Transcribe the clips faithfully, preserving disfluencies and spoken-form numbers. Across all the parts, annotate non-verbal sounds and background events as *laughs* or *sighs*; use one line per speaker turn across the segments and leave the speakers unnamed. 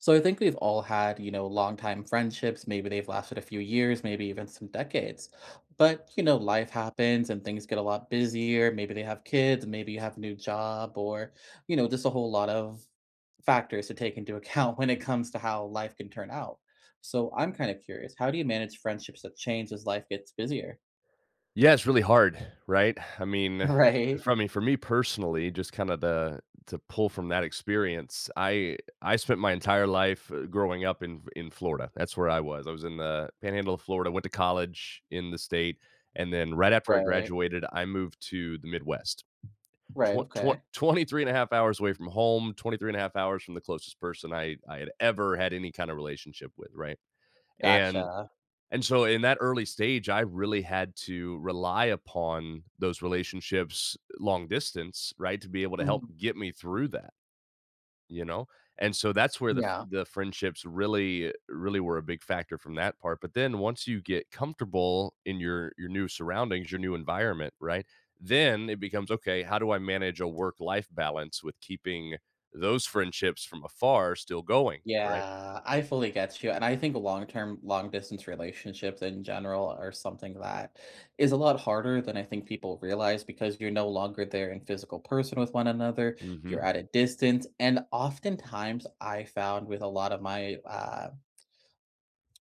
So, I think we've all had, you know, longtime friendships, maybe they've lasted a few years, maybe even some decades. But, you know, life happens and things get a lot busier, maybe they have kids, and maybe you have a new job, or, you know, just a whole lot of factors to take into account when it comes to how life can turn out. So, I'm kinda curious, how do you manage friendships that change as life gets busier?
Yeah, it's really hard, *sighs* right? *sighs* I mean, *sighs*
Right.
from me for me personally, just kinda, the to pull from that experience, I I spent my entire life, uh, growing up in in Florida, that's where I was, I was in the Panhandle of Florida, went to college in the state, and then right after I
Right.
graduated, I moved to the Midwest.
Right,
Twen twen
okay.
twenty-three and a half hours away from home, twenty-three and a half hours from the closest person I I had ever had any kind of relationship with, right? And
Gotcha.
and so in that early stage, I really had to rely upon those relationships long distance, right, to be able to help
Mhm.
get me through that You know? And so that's where the fr
Yeah.
the friendships really really were a big factor from that part, but then once you get comfortable in your your new surroundings, your new environment, right, then it becomes, "Okay, how do I manage a work-life balance with keeping those friendships from afar still going?" right?
Yeah, I fully get you, and I think long-term long-distance relationships in general are something that is a lot harder than I think people realize, because you're no longer there in physical person with one another, you're
Mhm.
at a distance, and oftentimes, I found with a lot of my, ah, um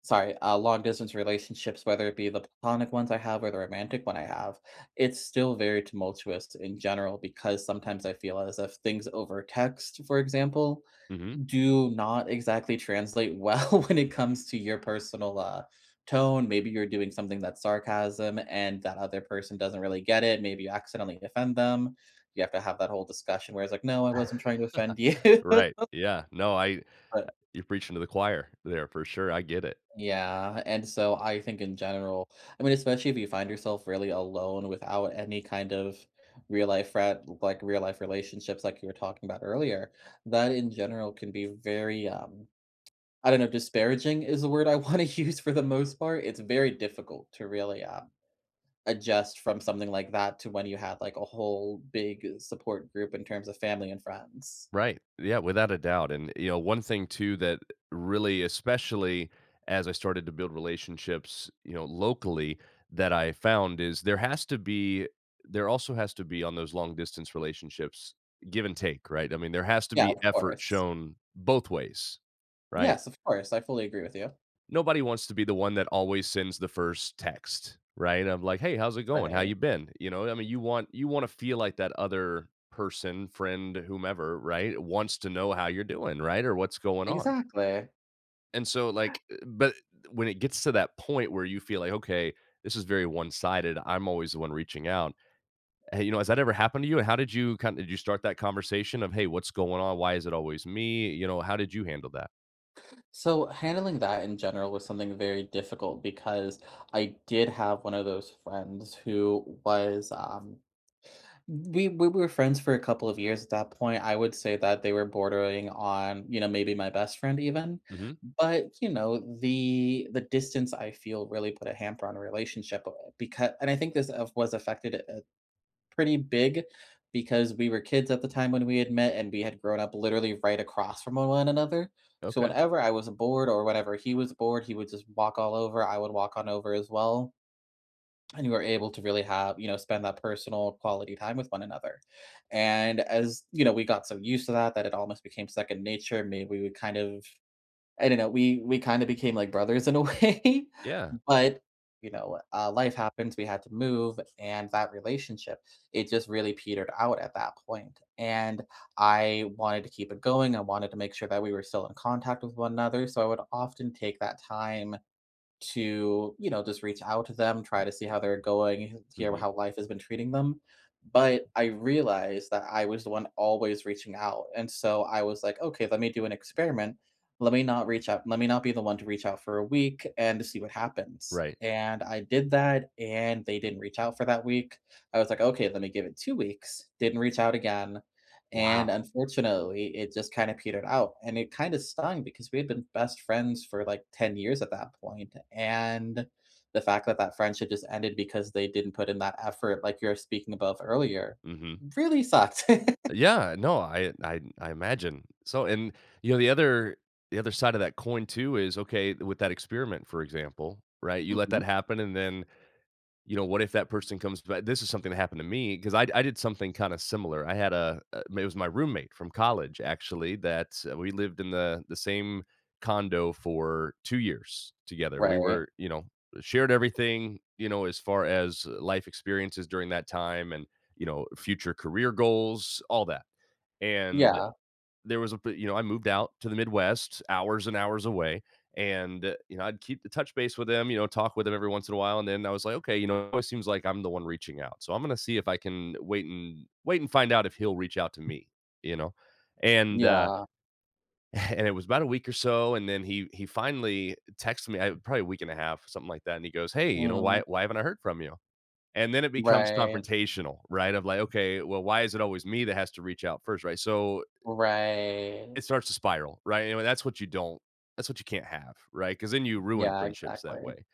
sorry, uh, long-distance relationships, whether it be the platonic ones I have or the romantic one I have, it's still very tumultuous in general because sometimes I feel as if things over text, for example,
Mhm.
do not exactly translate well when it comes to your personal, uh, tone. Maybe you're doing something that's sarcasm, and that other person doesn't really get it, maybe you accidentally offend them, you have to have that whole discussion where it's like, "No, I wasn't trying to offend you.”
*laughs* Right, yeah, no, I y
But
you're preaching to the choir there for sure, I get it.
Yeah, and so I think in general I mean, especially if you find yourself really alone without any kind of real life frien like, real life relationships like you were talking about earlier, that in general can be very, um, I don't know, disparaging is the word I wanna use for the most part, it's very difficult to really, um, adjust from something like that to when you have, like, a whole big support group in terms of family and friends.
Right, yeah, without a doubt, and you know, one thing too that really especially as I started to build relationships, you know, locally, that I found is there has to be there also has to be- on those long-distance relationships- give and take, right? I mean, there has to
Yeah,
be
of
effort
course.
shown both ways, right?
Yes, of course, I fully agree with you.
Nobody wants to be the one that always sends the first text, right? Of like, "Hey, how's it going? How
Right.
you been?" You know what I mean? You want you wanna feel like that other person, friend, whomever, right, wants to know how you're doing, right, or what's going on.
Exactly.
And so,
*gasps*
like, uh but when it gets to that point where you feel like, "Okay, this is very one-sided, I'm always the one reaching out." Hey, you know, has that ever happened to you? And how did you kind did you start that conversation of, "Hey, what's going on? Why is it always me?" You know, how did you handle that?
So, handling that in general was something very difficult, because I did have one of those friends who was, um we we were friends for a couple of years at that point, I would say that they were bordering on, you know, maybe my best friend, even.
Mhm.
But, you know, the the distance I feel really put a hamper on our relationship, bu becau and I think this of was affected, uh, pretty big, because we were kids at the time when we had met, and we had grown up literally right across from a one another. So,
Okay.
whenever I was bored, or whatever he was bored, he would just walk all over, I would walk on over as well, and you were able to really have you know, spend that personal, quality time with one another. And as you know, we got so used to that that it almost became second nature, may we would kind of I don't know, we we kinda became like brothers in a way,
Yeah.
but, you know, uh, life happens, we had to move, and that relationship, it just really petered out at that point, and I wanted to keep it going, I wanted to make sure that we were still in contact with one another, so I would often take that time to, you know, just reach out to them, try to see how they're going, hear
Mhm.
how life has been treating them, but I realized that I was the one always reaching out, and so I was like, "Okay, let me do an experiment. Let me not reach out let me not be the one to reach out for a week and to see what happens."
Right.
And I did that, and they didn't reach out for that week, I was like, "Okay, let me give it two weeks," didn't reach out again, and,
Wow.
unfortunately, it just kinda petered out, and it kinda stung because we had been best friends for, like, ten years at that point, and the fact that that friendship just ended because they didn't put in that effort like you're speaking above earlier,
Mhm.
really sucked. *laughs*
Yeah, no, I I I imagine. So, and you know, the other the other side of that coin too is, okay, with that experiment for example, right, you let that
Mhm.
happen and then, you know, what if that person comes ba this is something that happened to me, ‘cause I d I did something kinda similar, I had a a it was my roommate from college, actually, that, uh, we lived in the the same condo for two years together, we
Right.
were you know, shared everything, you know, as far as, uh, life experiences during that time and, you know, future career goals, all that, and
Yeah.
there was a p you know, I moved out to the Midwest, hours and hours away, and, you know, I'd keep to touch base with him, you know, talk with him every once in a while, and then I was like, "Okay, you know, it seems like I'm the one reaching out. So, I'm gonna see if I can wait and wait and find out if he'll reach out to me," you know, and, uh
Yeah.
*chuckles* and it was about a week or so, and then he he finally texted me I probably a week and a half, something like that, and he goes, "Hey, you know, why
Mm.
why haven't I heard from you?" And then it becomes
Right.
confrontational, right, I'm like, "Okay, well, why is it always me that has to reach out first?" Right, so, uh
Right.
it starts to spiral, right, anyway, that's what you don't that's what you can't have, right, 'cause then you ruin
Yeah,
friendships that
exactly.
way,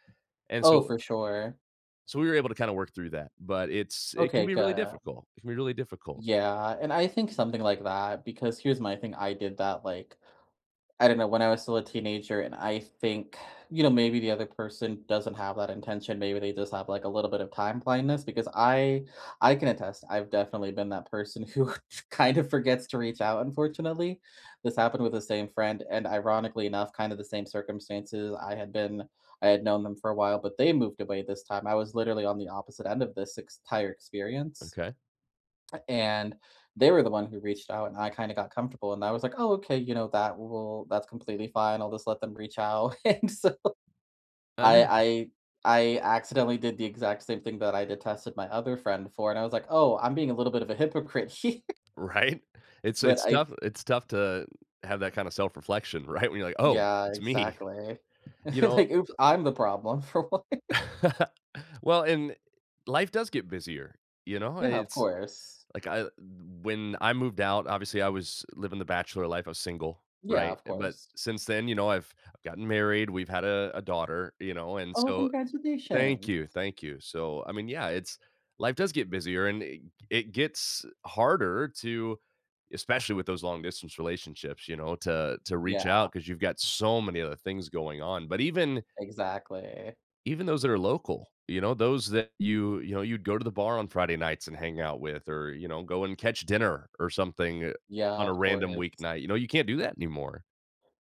and
Oh,
so
for sure.
so we were able to kinda work through that, but it's it can
Okay,
be really
good.
difficult. It can be really difficult.
Yeah, and I think something like that, because here's my thing, I did that, like, I don't know, when I was still a teenager, and I think, you know, maybe the other person doesn't have that intention, maybe they just have, like, a little bit of time blindness, because I I can attest, I've definitely been that person who kind of forgets to reach out, unfortunately. This happened with the same friend, and ironically enough, kinda the same circumstances. I had been I had known them for a while, but they moved away this time, I was literally on the opposite end of this ex ...tire experience,
Okay.
and they were the one who reached out, and I kinda got comfortable, and I was like, "Oh, okay, you know, that will that's completely fine, I'll just let them reach out," and so,
I
I
know.
I I accidentally did the exact same thing that I detested my other friend for, and I was like, "Oh, I'm being a little bit of a hypocrite here“
Right? It's a
but
it's
I th
tough it's tough to have that kinda self-reflection, right, when you're like, "Oh,
Yeah,
it's me."
exactly.
You
*chuckles*
know
Like, "Oops, I'm the problem." For what?
*laughs* Well, and life does get busier, you know,
Yeah, of
it's
course.
like, I l when I moved out, obviously I was living the bachelor life, I was single,
Yeah,
right,
of
uh, but
course.
since then, you know, I've I've gotten married, we've had a a daughter, you know, and
Oh,
so Thank
congratulations.
you, thank you, so, I mean, yeah, it's life does get busier, and i g it gets harder to especially with those long-distance relationships, you know, to to reach
Yeah.
out, ‘cause you've got so many other things going on, but even
Exactly.
even those that are local, you know, those that you you know, you'd go to the bar on Friday nights and hang out with or, you know, go and catch dinner or something, uh,
Yeah,
on a
of
random
course.
weeknight, you know, you can't do that anymore.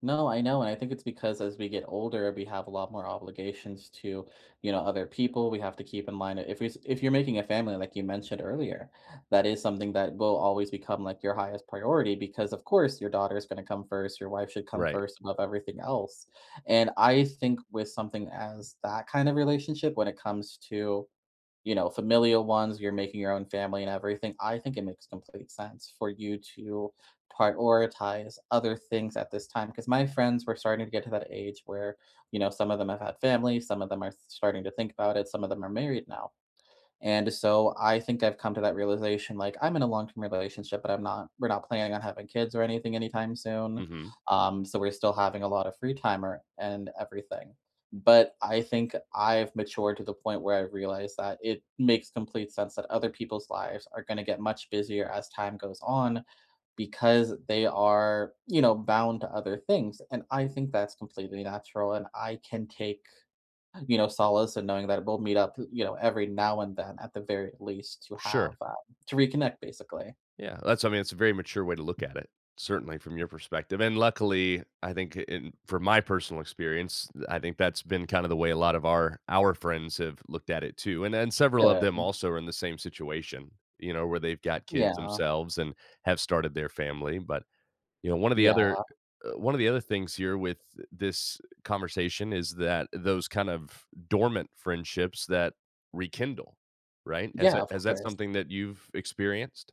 No, I know and I think it's because as we get older, we have a lot more obligations to, you know, other people we have to keep in mind. If is if you're making a family, like you mentioned earlier, that is something that will always become, like, your highest priority because, of course, your daughter is gonna come first. Your wife should come
Right.
first above everything else. And I think with something as that kind of relationship when it comes to, you know, familial ones, you're making your own family and everything, I think it makes complete sense for you to prioritize other things at this time. 'Cause my friends were starting to get to that age where, you know, some of them have had families, some of them are sh starting to think about it, some of them are married now. And so, I think I've come to that realization, like, I'm in a long term relationship, but I'm not we're not planning on having kids or anything anytime soon,
Mhm.
um, so we're still having a lot of free time or and everything. But I think I've matured to the point where I realized that it makes complete sense that other people's lives are gonna get much busier as time goes on because they are, you know, bound to other things. And I think that's completely natural, and I can take, you know, uh, solace in knowing that we'll meet up, p you know, every now and then at the very least to have
Sure.
um to reconnect, basically.
Yeah. That's I mean, it's a very mature way to look at it, certainly, from your perspective. And luckily, I think in from my personal experience, I think that's been kind of the way a lot of our our friends have looked at it too. And then, several
Yeah,
of
I
them
think.
also are in the same situation, you know, where they've got kids
Yeah.
themselves and have started their family. But, you know, one of the
Yeah
other one of the other things here with this conversation is that those kind of dormant friendships that rekindle. Right? Is
Yeah,
that
of
is that
course.
something that you've experienced?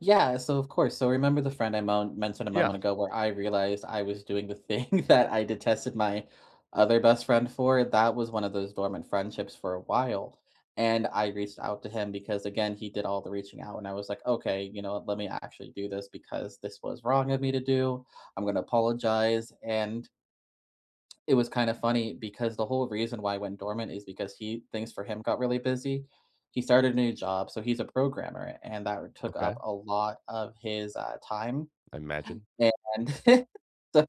Yeah. So, of course. So, remember the friend I mon mentioned a
Yeah.
moment ago, where I realized I was doing the thing that I detested my other best friend for? That was one of those dormant friendships for a while. And I reached out to him because, again, he did all the reaching out, and I was like, "Okay, you know let me actually do this because this was wrong of me to do. I'm gonna apologize." And it was kinda funny because the whole reason why I went dormant is because he things for him got really busy. He started new job. So, he's a programmer, and that took
Okay.
up a lot of his, uh, time.
I imagine.
And *chuckles* so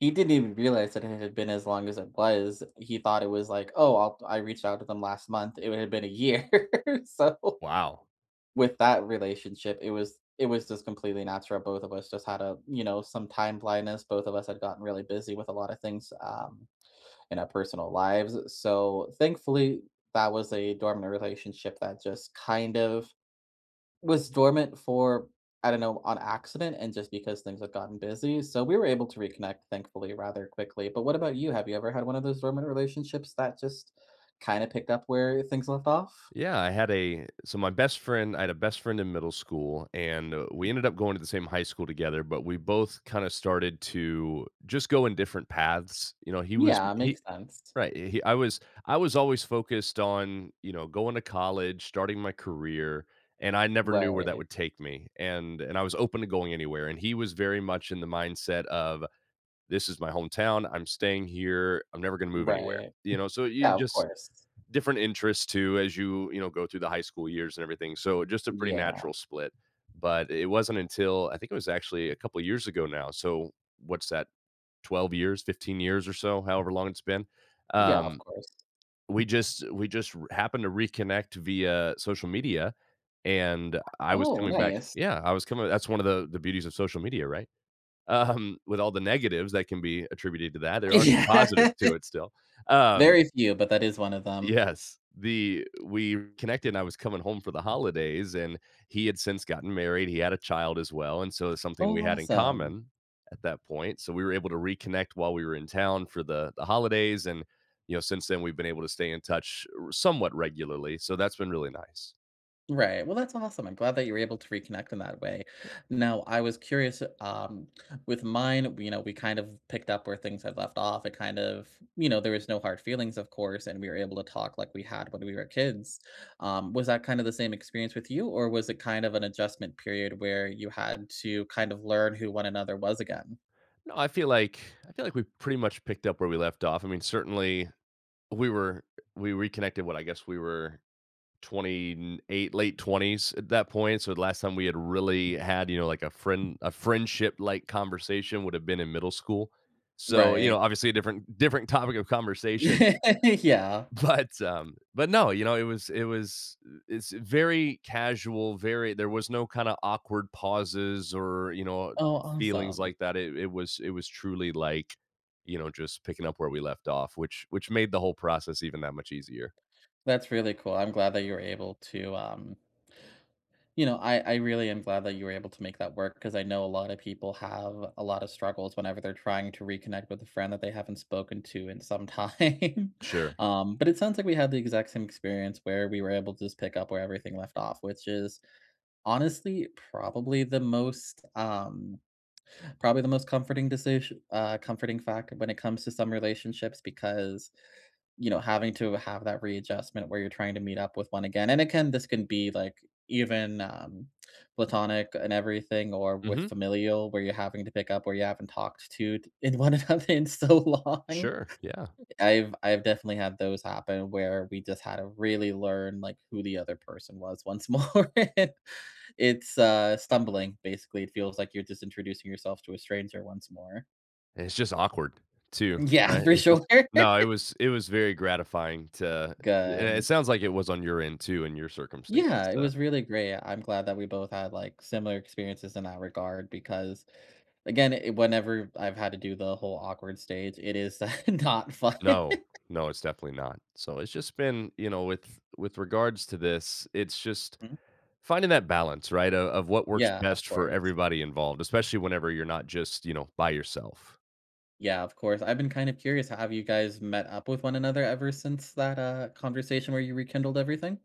he didn't even realize that it ha had been as long as it was. He thought it was like, "Oh, I'll I reached out to them last month." It would have been a year. *laughs* So
Wow.
with that relationship, it was it was just completely natural. Both of us just had a, you know, some time blindness. Both of us had gotten really busy with a lot of things, um, in our personal lives. So, thankfully, that was a dormant relationship that just kind of was dormant for, I don't know, on accident and just because things have gotten busy. So, we were able to reconnect, thankfully, rather quickly. But what about you? Have you ever had one of those dormant relationships that just kinda picked up where things left off?
Yeah, I had a so my best friend I had a best friend in middle school, and we ended up going to the same high school together, but we both kinda started to just go in different paths. You know, he was
Yeah, makes
he
sense.
right, he I was I was always focused on, you know, going to college, starting my career, and I never knew where that
Right.
would take me. And and I was open to going anywhere. And he was very much in the mindset of "This is my hometown, I'm staying here. I'm never gonna move anywhere."
Right.
You know? So you
Yeah, of
just
course.
different interests too as you you know, go through the high school years and everything. So just a pretty
Yeah.
natural split. But it wasn't until I think it was actually a couple years ago now. So, what's that? twelve years, fifteen years or so, however long it's been.
Yeah, of
Um.
course.
We just we just r happened to reconnect via social media, and I was
Oh,
coming back
nice.
Yeah. I was coming that's one of the the beauties of social media, right? Um. With all the negatives that can be attributed to that, there are some
Yeah.
positives to it still, um
Very few, but that is one of them.
Yes. The we connected, and I was coming home for the holidays, and he had since gotten married. He had a child as well. And so, it's something
Oh,
we had in
awesome.
common at that point. So, we were able to reconnect while we were in town for the the holidays and, you know, since then, we've been able to stay in touch r somewhat regularly. So that's been really nice.
Right. Well, that's awesome. I'm glad that you're able to reconnect in that way.
Eh
Now, I was curious, um, with mine, you know, we kind of picked up where things have left off. It kind of you know, there was no hard feelings, of course, and we were able to talk like we had when we were kids. Um, was that kind of the same experience with you, or was it kind of an adjustment period where you had to kind of learn who one another was again?
No, I feel like I feel like we pretty much picked up where we left off. I mean, certainly, we were we reconnected what I guess we were twenty n eight, late twenties at that point. So, the last time we had really had, you know, like a friend a friendship-like conversation would have been in middle school. So, you know,
Right.
obviously a different different topic of conversation.
*laughs* Yeah.
But um, but, no, you know, it was it was it's very casual, very there was no kind of awkward pauses, or, you know, uh,
Oh,
feelings
awesome.
like that. It it was it was truly like, you know, just picking up where we left off, which which made the whole process even that much easier.
That's really cool, I'm glad that you're able to, um You know, I I really am glad that you were able to make that work 'cause I know a lot of people have a lot of struggles whenever they're trying to reconnect with a friend that they haven't spoken to in some time.
Sure.
Um, but it sounds like we had the exact same experience, where we were able to just pick up where everything left off, which is, honestly, probably the most, um, probably the most comforting decis uh, comforting factor when it comes to some relationships because, you know, having to have that readjustment where you're trying to meet up with one again. And, acain, this can be, like, even, um, platonic and everything, or with
Mhm.
familial, where you're having to pick up where you haven't talked t to in one another in so long.
Sure, yeah.
I've I've definitely had those happen, where we just had to really learn, like, who the other person was once more. It's uh, stumbling, basically. It feels like you're just introducing yourself to a stranger once more.
It's just awkward too.
Yeah.
Right?
For
It's
sure.
just
*laughs*
No, it was it was very gratifying to eh, and it
Gun.
sounds like it was on your end too in your circumstance,
Yeah. It
uh.
was really great. I'm glad that we both had, like, similar experiences in that regard because again, it whenever I've had to do the whole awkward stage, it is *chuckles* not fun.
No.
*laughs*
No. It's definitely not. So it's just been you know, with with regards to this, it's just,
Hmm.
finding that balance, right, o of what works
Yeah. Of
best for
course.
everybody involved, especially whenever you're not just, you know, by yourself.
Yeah. Of course. I've been kinda curious. Have you guys met up with one another ever since that, uh, conversation where you rekindled everything?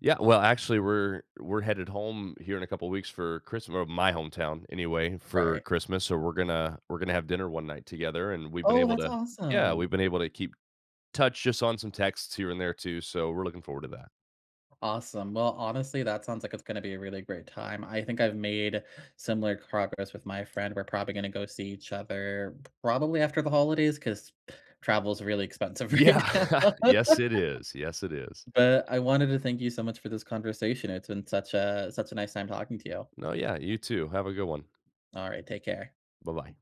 Yeah. Well, actually, we're we're headed home here in a couple weeks for Christm or my hometown anyway for
Right.
Christmas. So, we're gonna we're gonna have dinner one night together, and we've been
Oh,
able
that's
to Yeah.
awesome!
We've been able to keep touch just on some texts here and there too. So, we're looking forward to that.
Awesome. Well, honestly, that sounds like it's gonna be a really great time. I think I've made similar progress with my friend. We're probably gonna go see each other probably after the holidays 'cause travel is really expensive right now.
Yeah.
*laughs*
Yes. It is. Yes. It is.
But I wanted to thank you so much for this conversation. It's been such a such a nice time talking to you.
No. Yeah. You too. Have a good one.
Alright. Take care.
Bye-bye.